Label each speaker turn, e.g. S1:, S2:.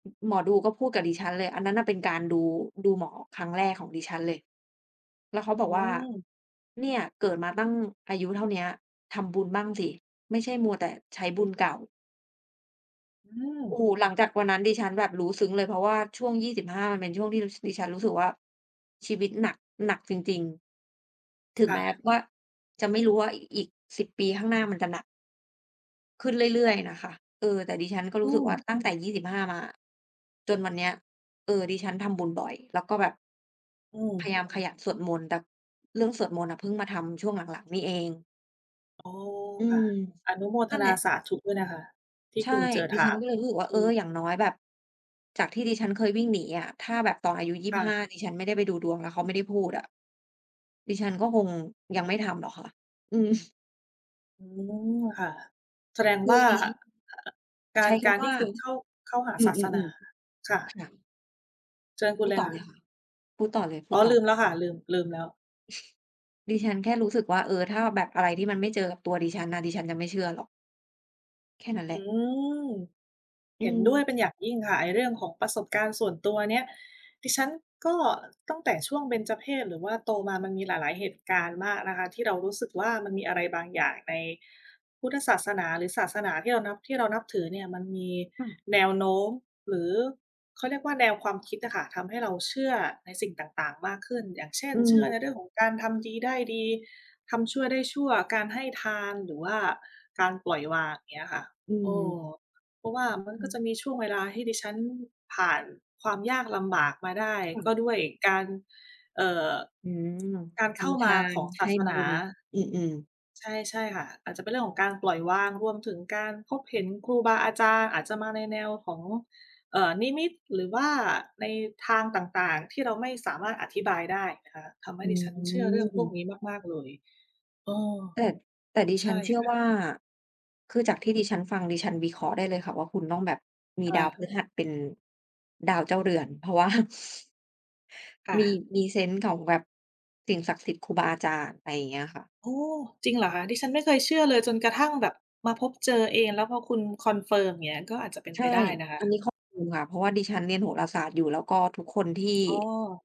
S1: อ หมอดูก็พูดกับดิฉันเลย อันนั้นน่ะเป็นการดู ดูหมอครั้งแรกของดิฉันเลย แล้วเขา
S2: โอ
S1: บอกว่า
S2: ้
S1: เนี่ยเกิดมาตั้งอายุเท่าเนี้ย ทำบุญบ้างสิ ไม่ใช่มัวแต่ใช้บุญเก่า
S2: อื
S1: โอ้
S2: ม
S1: โฮ หลังจากวันนั้นดิฉันแบบรู้ซึ้งเลย เพราะว่าช่วง 25 มันเป็นช่วงที่รู้ ส ดิฉันรู้สึกว่าชีวิตหนัก หนักจริง ๆ ถึง
S2: ค่
S1: แม้
S2: ะ
S1: ว่าจะไม่รู้ว่าอีก 10 ปีข้างหน้ามันจะหนัก ขึ้นเรื่อย ๆ น่ะค่ะ เออ แต่ดิฉันก็
S2: อ
S1: ร
S2: ื
S1: ู้สึกว่า
S2: ม
S1: ตั้งแต่ 25 มาอะ จนวันเนี้ย เออ ดิฉันทำบุญบ่อย แล้วก็แบบ
S2: อื
S1: พย
S2: ม
S1: ายามขยันสวดมนต์ แบบเรื่องสวดมนต์อะเพิ่งมาทำช่วงหลัง ๆ นี่เอง
S2: โอ้
S1: อื
S2: ค่ะ
S1: ม
S2: อนุโมท
S1: นั่น
S2: น
S1: แห
S2: า
S1: ละ
S2: สาธุ ด้วยนะคะ ที่
S1: ใช
S2: ค
S1: ่
S2: ุณเจอ
S1: ด
S2: ถ
S1: ิฉ
S2: า
S1: ัน
S2: บ
S1: ก็เลยรู้สึกว่า
S2: ท
S1: เอ
S2: ี
S1: อ
S2: ่
S1: อย่างน้อยแบบ จากที่ดิฉันเคยวิ่งหนีอะ ถ้าแบบตอนอายุ ยี่
S2: ค
S1: บ
S2: ่
S1: ห้า
S2: ะ
S1: ดิฉันไม่ได้ไปดูดวง แล้วเขาไม่ได้พูดอะ ดิฉันก็คงยังไม่ทำหรอกค่ะ อืม
S2: โอ้ ค่ะ แสดง
S1: ค
S2: ว
S1: ือ
S2: ่า
S1: ดิฉัน
S2: อ ก
S1: ใ
S2: า
S1: ช
S2: ร
S1: ้ค
S2: การ
S1: ำว
S2: ที
S1: ่
S2: ่
S1: า
S2: คุณเข้า เข้าหา
S1: อื
S2: ศาสนา
S1: ม ๆ
S2: ค่
S1: ๆ
S2: ะ
S1: ค่ะ
S2: เชิญคุ
S1: พ
S2: ณ
S1: ู
S2: เ
S1: ด
S2: ล
S1: ต
S2: ย
S1: ่อ
S2: ค่
S1: เล
S2: ะ
S1: ยค่ะ พูดต่อเลย พู
S2: อ๋อ
S1: ดต่
S2: ลื
S1: อ
S2: มแล้วค่ะ ลืม ลืมแล้ว
S1: ดิฉันแค่รู้สึกว่า เออ ถ้าแบบอะไรที่มันไม่เจอกับตัวดิฉันน่ะ ดิฉันจะไม่เชื่อหรอก แค่นั้นแหล
S2: อื
S1: ะ
S2: ม
S1: อื
S2: เห็นด้วย
S1: ม
S2: เป็นอย่างยิ่งค่ะ ไอ้เรื่องของประสบการณ์ส่วนตัวเนี้ย ดิฉันก็ตั้งแต่ช่วงเบญจเพส หรือว่าโตมามันมีหลาย ๆ เหตุการณ์มากนะคะที่เรารู้สึกว่า มันมีอะไรบางอย่างในพุทธศาสนา หรือศาสนาที่เรานับ ที่เรานับถือเนี่ย มันมี
S1: ค่ะ
S2: แนวโน้ม หรือเขาเรียกว่าแนวความคิดอะค่ะ ทำให้เราเชื่อในสิ่งต่าง ๆ มากขึ้น อย่างเช่น
S1: อื
S2: เชื่อ
S1: ม
S2: ในเรื่องของการทำดีได้ดี ทำชั่วได้ชั่ว การให้ทาน หรือว่าการปล่อยวาง เงี้ยค่ะ
S1: อื
S2: เอ
S1: ม
S2: อ เพราะว่ามัน
S1: ค่
S2: ก็
S1: ะ
S2: จะมีช่วงเวลาให้ดิฉันผ่านความยากลำบากมาได้
S1: ค่
S2: ก็
S1: ะ
S2: ด้วยการ เอ่อ
S1: อืม
S2: การ
S1: ท
S2: เข้า
S1: ำท
S2: มา
S1: า
S2: ข
S1: น
S2: องศ
S1: ให
S2: า
S1: ้
S2: ส
S1: บ
S2: นา
S1: ุญ อืม ๆ
S2: ใช่ ๆ ค่ะ อาจจะเป็นเรื่องของการ ปล่อยวาง รวมถึงการพบเห็นครูบาอาจารย์ อาจจะมาในแนวของ เอ่อ นิมิต หรือว่าในทางต่าง ๆ ที่เราไม่สามารถอธิบายได้ค่ะ ทำให้
S1: อื
S2: ดิฉันเชื่อเรื่องพวก
S1: ม
S2: นี้มาก ๆ เลย เออ
S1: แต่ แต่ดิ
S2: ใ
S1: ฉ
S2: ช
S1: ั
S2: ่
S1: นเชื่อ
S2: ค่
S1: ว่
S2: ะ
S1: า คือจากที่ดิฉันฟัง ดิฉันวิเคราะห์ได้เลยค่ะว่า คุณต้องแบบมี
S2: ค
S1: ด
S2: ่
S1: า
S2: ะ
S1: วพฤหัสเป็นดาวเจ้าเรือน เพราะ ว่า
S2: ค่
S1: มี
S2: ะ
S1: มีเซนส์ของแบบสิ่งศักดิ์สิทธิ์ ครูบาอาจารย์ ไรเงี้ยค่ะ
S2: โอ้ จริงเหรอคะ? ดิฉันไม่เคยเชื่อเลยจนกระทั่งแบบมาพบเจอเอง แล้วพอคุณคอนเฟิร์มเงี้ย ก็อาจจะเป็น
S1: ใ
S2: ไ
S1: ช
S2: ป
S1: ่
S2: ได้นะคะ
S1: อันนี้คอนเฟิร์มค่ะ เพราะว่าดิฉันเรียนโหราศาสตร์อยู่ แล้วก็ทุกคนที่
S2: อ๋อ